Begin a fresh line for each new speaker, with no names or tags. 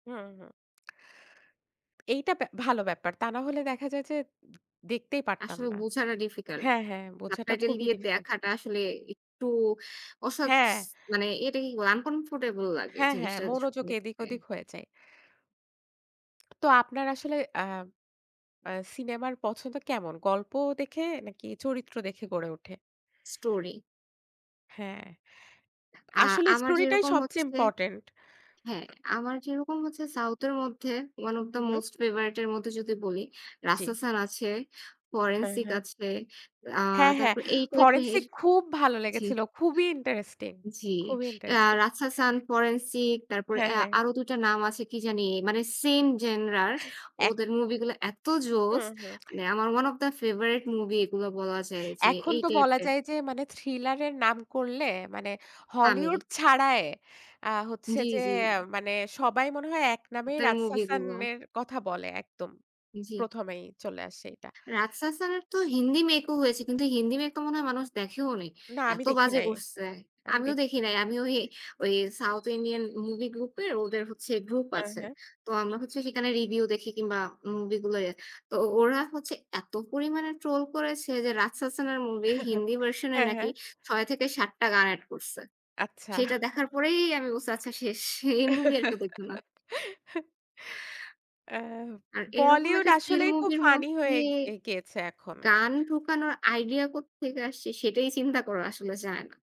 হুম, হুম। এইটা ভ্যা ভালো ব্যাপার। তা না হলে দেখা যায় যে দেখতেই পারতাম
আসলে
না।
বোঝাটা difficult।
হ্যাঁ, হ্যাঁ, বোঝাটা
subtitle
খুবই
দিয়ে
difficult.
দেখাটা আসলে একটু অসৎস
হ্যাঁ।
মানে এটাই কি বলে uncomfortable লাগে
হ্যাঁ, হ্যাঁ,
জিনিসটা স
মনোযোগ এদিক
দেখতে।
ওদিক হয়ে যায়। তো আপনার আসলে, আ আ সিনেমার পছন্দ কেমন? গল্প দেখে নাকি চরিত্র দেখে গড়ে ওঠে?
story
হ্যাঁ।
আ
আসলে
আমার
Story টাই
যেরকম
সবচেয়ে
হচ্ছে
Important.
হ্যাঁ, আমার যেরকম হচ্ছে South এর মধ্যে one of
who,
the
hmm.
most favorite এর মধ্যে যদি বলি
জি।
রাসাসান আছে,
হ্যাঁ,
Forensic
হ্যাঁ।
আছে, আ
হ্যাঁ, হ্যাঁ
তারপর এই type এর
Forensic খুব ভালো
জি।
লেগেছিল। খুবই interesting,
জি।
খুবই
আ
interesting.
রাসাসান, Forensic তারপরে
হ্যাঁ,
এ্যা
হ্যাঁ।
আরো ২ টা নাম আছে কি জানি মানে same genre
এক
ওদের movie গুলা এত জোস।
হুম, হুম।
মানে আমার one of the favorite movie এগুলো বলা যায় যে
এখন
এই
তো
type
বলা
এর।
যায় যে মানে থ্রিলারের নাম করলে মানে
তামিল।
হলিউড ছাড়ায়ে আ হচ্ছে
জি,
যে
জি।
মানে সবাই মনে হয় এক নামেই
ওদের movie গুলো।
"রাজশাশানের" কথা বলে একদম।
জি।
১ম ই চলে আসে এটা।
রাসসাসান এর তো হিন্দি make ও হয়েছে কিন্তু হিন্দি make টা মনে হয় মানুষ দেখেওনি।
না আমি
এত
দেখি
বাজে
নাই।
করছে।
আমি
আমিও
দেখি
দেখি নাই। আমিও ওই, ওই
[unintelligible]
South Indian movie group এর ওদের হচ্ছে group
হ্যাঁ,
আছে।
হ্যাঁ।
তো আমরা হচ্ছে সেখানে review দেখি কিংবা movie গুলো। তো ওরা হচ্ছে এত পরিমাণে troll করেছে যে রাসসাসান এর movie র হিন্দি version এ
হ্যাঁ,
নাকি
হ্যাঁ।
৬-৭ টা গান add করছে।
আচ্ছা।
সেটা দেখার পরেই আমি বলছি আচ্ছা শেষ। এই movie আর কেউ দেখবে না।
আ
আর এরকম
Bollywood
একটা স্ট্রিল
আসলেই খুব
movie র
funny
মধ্যে
হয়ে গে গেছে এখন।
গান ঢোকানোর idea কোত্থেকে আসছে সেটাই চিন্তা করা আসলে যায় না।